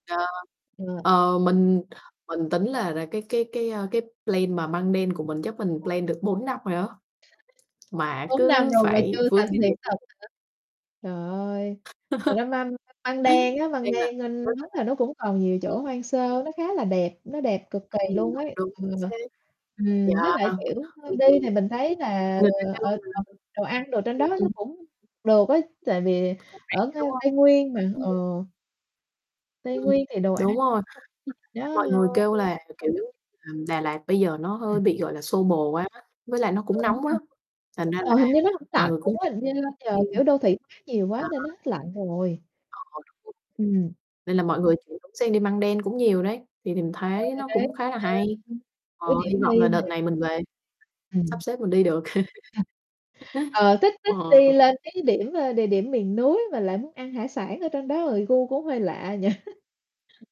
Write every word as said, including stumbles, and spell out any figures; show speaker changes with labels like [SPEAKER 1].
[SPEAKER 1] Ờ.
[SPEAKER 2] Ừ.
[SPEAKER 1] Ờ, mình mình tính là ra cái cái cái, a, cái plan mà Măng Đen của mình chắc mình
[SPEAKER 2] [unintelligible]
[SPEAKER 1] plan được bốn năm rồi á, mà
[SPEAKER 2] Bốn năm
[SPEAKER 1] cứ
[SPEAKER 2] rồi mà
[SPEAKER 1] phải
[SPEAKER 2] chưa
[SPEAKER 1] vướng cái
[SPEAKER 2] thành hiện thực
[SPEAKER 1] [unintelligible]
[SPEAKER 2] hả? Trời ơi, hồi đó măm [unintelligible] Măng Đen á, Măng
[SPEAKER 1] Nên là
[SPEAKER 2] Đen ân đúng là nó cũng còn
[SPEAKER 1] [unintelligible]
[SPEAKER 2] nhiều chỗ
[SPEAKER 1] ừm.
[SPEAKER 2] hoang sơ, nó khá là đẹp, nó đẹp cực kỳ
[SPEAKER 1] Ừm,
[SPEAKER 2] luôn
[SPEAKER 1] đúng,
[SPEAKER 2] ấy.
[SPEAKER 1] đúng,
[SPEAKER 2] Ừm.
[SPEAKER 1] chính xác.
[SPEAKER 2] Ừm, với
[SPEAKER 1] Yeah,
[SPEAKER 2] lại,
[SPEAKER 1] ừm,
[SPEAKER 2] kiểu, hơi
[SPEAKER 1] ừm.
[SPEAKER 2] đi thì mình thấy là,
[SPEAKER 1] Người ta kêu
[SPEAKER 2] ờ, ở
[SPEAKER 1] là
[SPEAKER 2] [unintelligible] đồ ăn đồ trên đó
[SPEAKER 1] [unintelligible] ừm.
[SPEAKER 2] nó cũng được á, tại vì
[SPEAKER 1] Cũng
[SPEAKER 2] ở
[SPEAKER 1] rẻ,
[SPEAKER 2] ngay
[SPEAKER 1] đúng không?
[SPEAKER 2] Tây Nguyên mà, ờ.
[SPEAKER 1] Ừm.
[SPEAKER 2] Tây
[SPEAKER 1] Ừm,
[SPEAKER 2] Nguyên thì đồ ăn
[SPEAKER 1] đúng rồi, mọi người kêu
[SPEAKER 2] [unintelligible]
[SPEAKER 1] là, kiểu, ờm, Đà Lạt bây giờ nó hơi
[SPEAKER 2] Ừm.
[SPEAKER 1] bị, gọi là, xô bồ quá, với lại nó cũng
[SPEAKER 2] Ờ, đúng
[SPEAKER 1] nóng quá,
[SPEAKER 2] rồi.
[SPEAKER 1] thành ra là
[SPEAKER 2] Ờ, hình như nó hổng
[SPEAKER 1] mọi
[SPEAKER 2] lạnh
[SPEAKER 1] người cũng
[SPEAKER 2] luôn á. Hình như giờ, kiểu,
[SPEAKER 1] [unintelligible]
[SPEAKER 2] đô thị hoá nhiều quá
[SPEAKER 1] Đó.
[SPEAKER 2] nên nó hết lạnh rồi.
[SPEAKER 1] Ờ, đúng [unintelligible]
[SPEAKER 2] Ừm.
[SPEAKER 1] nên là mọi người chuyển hướng sang đi Măng Đen cũng nhiều đấy, thì thì mình
[SPEAKER 2] Ờ,
[SPEAKER 1] thấy
[SPEAKER 2] thì
[SPEAKER 1] nó
[SPEAKER 2] đấy
[SPEAKER 1] cũng khá là hay.
[SPEAKER 2] [unintelligible]
[SPEAKER 1] Ờ,
[SPEAKER 2] ủa, điểm
[SPEAKER 1] hy vọng
[SPEAKER 2] đi
[SPEAKER 1] là đợt
[SPEAKER 2] mà.
[SPEAKER 1] này mình về
[SPEAKER 2] Ừm.
[SPEAKER 1] sắp xếp mình đi được.
[SPEAKER 2] Ờ, thích thích đi
[SPEAKER 1] Ờ.
[SPEAKER 2] lên cái điểm, ơ, địa điểm miền núi mà lại muốn ăn hải sản ở trên đó rồi gu cũng hơi lạ nhỉ?